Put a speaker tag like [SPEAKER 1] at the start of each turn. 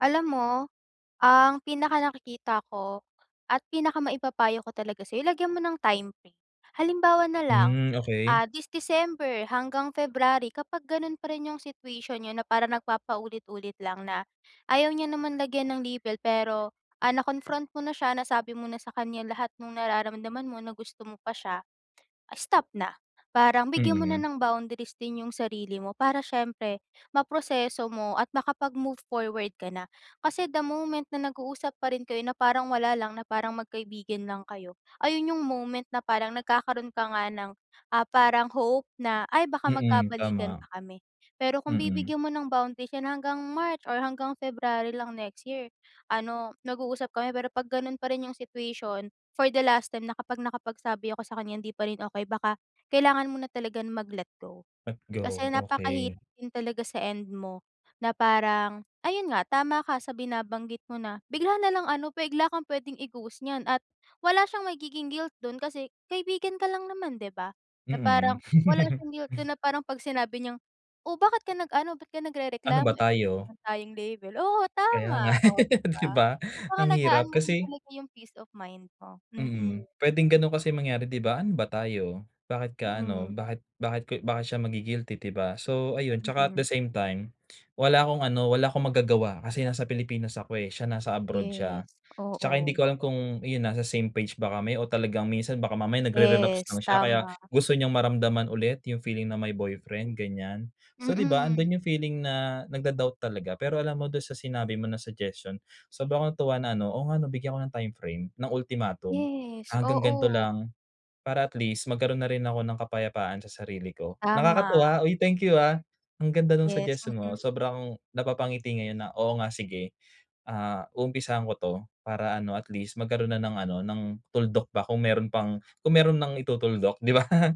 [SPEAKER 1] Alam mo ang pinakanakikita ko at pinakamaipapayo ko talaga sa'yo lagyan mo ng time frame. Halimbawa nalang,
[SPEAKER 2] Hmm okey.
[SPEAKER 1] ah, this December hanggang February, kapag ganun pa rin yung situation niyo na para nagpapa ulit-ulit lang na ayaw niya naman lagyan ng label pero, ah, na-confront mo na siya, nasabi mo na sa kanya lahat ng nararamdaman mo na gusto mo pa si'ya, stop na. Parang bigyan mo na
[SPEAKER 2] Mm.
[SPEAKER 1] ng boundaries din 'yung sarili mo para siyempre ma-proseso mo at makapag-move forward ka na. Kasi the moment na nag-uusap pa rin kayo na parang wala lang, na parang magkaibigan lang kayo, ayun 'yung moment na parang nagkakaroon ka nga ng, ah, parang hope na, "Ay, baka mag
[SPEAKER 2] Mm,
[SPEAKER 1] kabalikan
[SPEAKER 2] tama.
[SPEAKER 1] pa kami." Pero kung
[SPEAKER 2] Mm.
[SPEAKER 1] bibigyan mo ng boundaries hanggang March or hanggang February lang next year, ano nag-uusap kami pero 'pag ganun pa rin 'yung situation for the last time na kapag nakapagsabi ako sa kanya hindi pa rin okey baka kailangan mo na talagang mag-let go.
[SPEAKER 2] Let
[SPEAKER 1] Kasi
[SPEAKER 2] go, okey.
[SPEAKER 1] napakahirap din talaga sa end mo na parang, ayun nga tama ka sa binabanggit mo na bigla nalang ano bigla kang pwede i-ghost niyan at wala siyang magiging guilt dun kasi kaibigan ka lang naman, 'di ba? Na
[SPEAKER 2] Mm.
[SPEAKER 1] parang wala siyang guilt doon na parang 'pag sinabi niyang, "Oh, bakit ka nag-ano, ba't ka
[SPEAKER 2] Ano
[SPEAKER 1] nagrereklamo,
[SPEAKER 2] ba
[SPEAKER 1] eh, wala
[SPEAKER 2] tayo?
[SPEAKER 1] naman tayong label." Oo
[SPEAKER 2] Kaya nga
[SPEAKER 1] tama, oh, 'di ba?
[SPEAKER 2] 'di ba?
[SPEAKER 1] So
[SPEAKER 2] Ang hirap
[SPEAKER 1] pangalagaan mo rin
[SPEAKER 2] kasi
[SPEAKER 1] talaga 'yung peace of mind mo,
[SPEAKER 2] Mm.
[SPEAKER 1] mm.
[SPEAKER 2] Puwedeng ganun kasi mangyari 'di ba? Ano ba tayo? Bakit ka ano?
[SPEAKER 1] Mm.
[SPEAKER 2] Bakit bakit ko bakit siya magi-guilty 'di ba? So, ayun 'tsaka at the
[SPEAKER 1] Mm.
[SPEAKER 2] same time, wala akong ano, wala akong magagawa kasi nasa Pilipinas ako, eh, siya nasa abroad siya.
[SPEAKER 1] Yes,
[SPEAKER 2] 'Tsaka hindi
[SPEAKER 1] oo.
[SPEAKER 2] ko alam kung iyun nasa same page ba kami o talagang minsan baka mamaya nagre-relapse
[SPEAKER 1] Yes,
[SPEAKER 2] lang siya kaya
[SPEAKER 1] tama.
[SPEAKER 2] gusto niyang maramdaman ulit 'yung feeling na may boyfriend ganyan. So 'di ba,
[SPEAKER 1] Mm.
[SPEAKER 2] andun 'yung feeling na nag-do-doubt talaga. Pero alam mo doon sa sinabi mo na suggestion, sobra akong natuwa na ano, "Oo nga 'no bigyan ko ng time frame, ng ultimatum.
[SPEAKER 1] Yes,
[SPEAKER 2] Hanggang ganito
[SPEAKER 1] oo.
[SPEAKER 2] lang para at least magkaroon na rin ako ng kapayapaan sa sarili ko."
[SPEAKER 1] Tama.
[SPEAKER 2] Nakakatuwa, uy, thank you, ah, ang ganda ng
[SPEAKER 1] Yes,
[SPEAKER 2] suggestion
[SPEAKER 1] mm.
[SPEAKER 2] mo sobra akong napapangiti ngayon na, "Oo nga sige." Ah, umpisahan ko 'to para ano at least magkaroon na ng ano, ng tuldok pa kung meron pang kung meron nang itutuldok 'di ba?